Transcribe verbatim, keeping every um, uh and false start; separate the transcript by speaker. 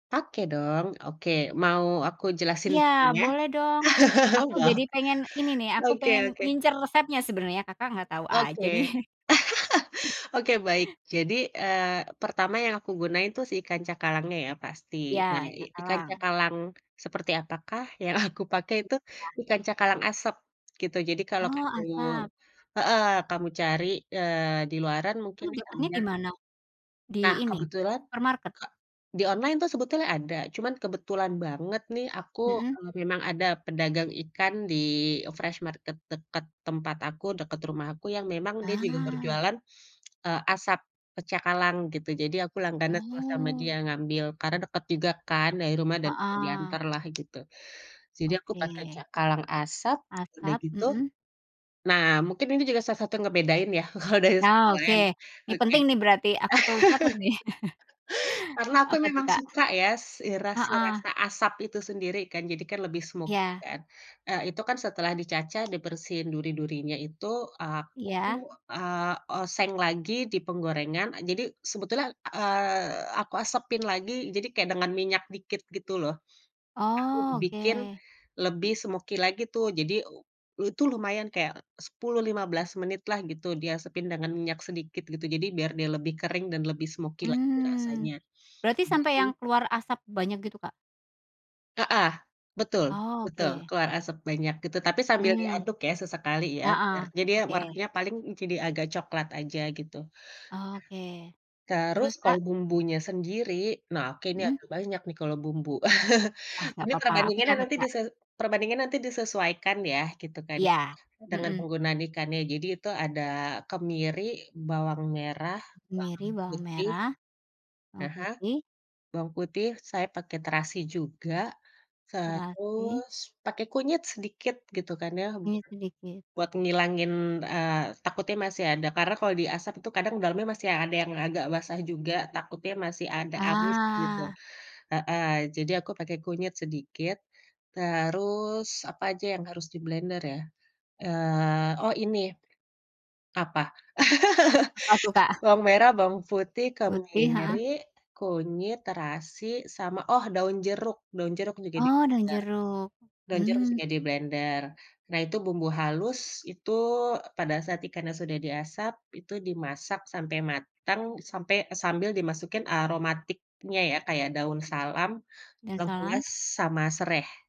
Speaker 1: Oke dong. Oke. Mau aku jelasin
Speaker 2: Iya
Speaker 1: bumbunya?
Speaker 2: boleh dong. Aku
Speaker 1: Wah,
Speaker 2: jadi pengen ini nih, aku
Speaker 1: oke
Speaker 2: pengen
Speaker 1: oke.
Speaker 2: ngincer resepnya sebenarnya, Kakak enggak tahu
Speaker 1: Oke.
Speaker 2: aja nih.
Speaker 1: Oke baik. Jadi, eee, pertama yang aku gunain tuh si ikan cakalangnya ya pasti. Nah
Speaker 2: Iya,
Speaker 1: i ikan
Speaker 2: cakalang.
Speaker 1: cakalang seperti apakah yang aku pakai itu?
Speaker 2: Iya.
Speaker 1: Ikan cakalang asap gitu, jadi kalau
Speaker 2: Oh,
Speaker 1: kamu
Speaker 2: asap?
Speaker 1: heeh kamu cari, eee, di luaran mungkin
Speaker 2: Itu dapatnya
Speaker 1: misalnya
Speaker 2: di mana? Di
Speaker 1: Nah
Speaker 2: ini,
Speaker 1: kebetulan
Speaker 2: supermarket?
Speaker 1: ka di online tuh sebetulnya ada cuma kebetulan banget nih aku,
Speaker 2: Mhm.
Speaker 1: eee, memang ada pedagang ikan di, eee, fresh market dekat tempat aku, dekat rumahku yang memang dia juga
Speaker 2: Ah.
Speaker 1: berjualan, eee, asap pecakalang gitu, jadi aku langganan terus sama
Speaker 2: Oh.
Speaker 1: dia ngambil karena dekat juga kan dari rumah dan
Speaker 2: Heeh.
Speaker 1: diantarlah gitu. Jadi aku pakai
Speaker 2: Oke.
Speaker 1: cakalang asap, udah
Speaker 2: Asap,
Speaker 1: gitu,
Speaker 2: mhm.
Speaker 1: nah mungkin ini juga salah satu yang ngebedain ya kalau dari segi
Speaker 2: Nah, oke.
Speaker 1: hidangan.
Speaker 2: Ini
Speaker 1: Oke.
Speaker 2: penting nih berarti aku perlu catat nih.
Speaker 1: karena aku
Speaker 2: Apa tuh
Speaker 1: memang
Speaker 2: Kak?
Speaker 1: suka ya, s i rasi
Speaker 2: Heeh.
Speaker 1: rasa asap itu sendiri kan, jadi kan lebih smoky
Speaker 2: Iya.
Speaker 1: kan. Eee, itu kan setelah dicacah, dibersihin duri-durinya itu, eee, aku,
Speaker 2: Iya.
Speaker 1: eee, oseng lagi di penggorengan, eee, jadi sebetulnya, eee, aku asapin lagi, jadi kayak dengan minyak dikit gitu loh. Aku
Speaker 2: Oh,
Speaker 1: bikin
Speaker 2: oke.
Speaker 1: lebih smoky lagi tuh, jadi, eee, eee, itu lumayan kayak sepuluh, lima belas menitlah gitu diasapin dengan minyak sedikit gitu. Jadi biar dia lebih kering dan lebih smoky lagi
Speaker 2: Mmm.
Speaker 1: rasanya.
Speaker 2: Berarti
Speaker 1: Habis
Speaker 2: sampai
Speaker 1: itu
Speaker 2: yang keluar asap banyak gitu, Kak?
Speaker 1: Heeh, betul
Speaker 2: Oh,
Speaker 1: betul
Speaker 2: oke.
Speaker 1: keluar asap banyak gitu, tapi sambil
Speaker 2: Mmm.
Speaker 1: diaduk ya sesekali ya biar
Speaker 2: Heeh,
Speaker 1: jadi dia
Speaker 2: oke.
Speaker 1: warnanya paling, mmm, jadi agak coklat aja gitu.
Speaker 2: Oke.
Speaker 1: Terus
Speaker 2: Terus,
Speaker 1: kalau
Speaker 2: Kak?
Speaker 1: bumbunya sendiri, nah oke ini
Speaker 2: Mhm.
Speaker 1: agak banyak nih kalau bumbu.
Speaker 2: Ah, enggak
Speaker 1: Ini
Speaker 2: papa. Aku
Speaker 1: perbandingannya
Speaker 2: catat,
Speaker 1: nanti
Speaker 2: Kak.
Speaker 1: dise perbandingannya nanti disesuaikan ya gitu kan ya
Speaker 2: Iya,
Speaker 1: dengan
Speaker 2: mhm.
Speaker 1: penggunaan ikannya. Jadi itu ada kemiri, bawang merah,
Speaker 2: Kemiri,
Speaker 1: bawang
Speaker 2: bawang
Speaker 1: putih
Speaker 2: merah, bawang
Speaker 1: aha,
Speaker 2: putih.
Speaker 1: bawang putih saya pakai terasi juga,
Speaker 2: Terasi.
Speaker 1: terus pakai kunyit sedikit gitu kan ya
Speaker 2: Minyak
Speaker 1: buat
Speaker 2: sedikit.
Speaker 1: buat ngilangin, eee, takutnya masih ada karena kalau diasap itu kadang dalamnya masih yang ada yang agak basah juga, takutnya masih ada amis gitu.
Speaker 2: Ah.
Speaker 1: Heeh, jadi aku pakai kunyit sedikit, terus, apa aja yang harus diblender ya, eee, oh, ini, apa?
Speaker 2: Apa tuh, Kak?
Speaker 1: Bawang merah, bawang putih,
Speaker 2: Putih, heeh.
Speaker 1: kemiri, kunyit, terasi, sama, oh, daun jeruk. Daun jeruk juga
Speaker 2: Oh dan
Speaker 1: diblender
Speaker 2: jeruk,
Speaker 1: daun jeruk
Speaker 2: mmm.
Speaker 1: juga diblender. Nah itu bumbu halus itu, eee, pada saat ikannya sudah diasap, itu dimasak sampai matang sampai eee, sambil dimasukin aromatiknya ya, kayak daun salam,
Speaker 2: Daun salam.
Speaker 1: lengkuas, sama sereh.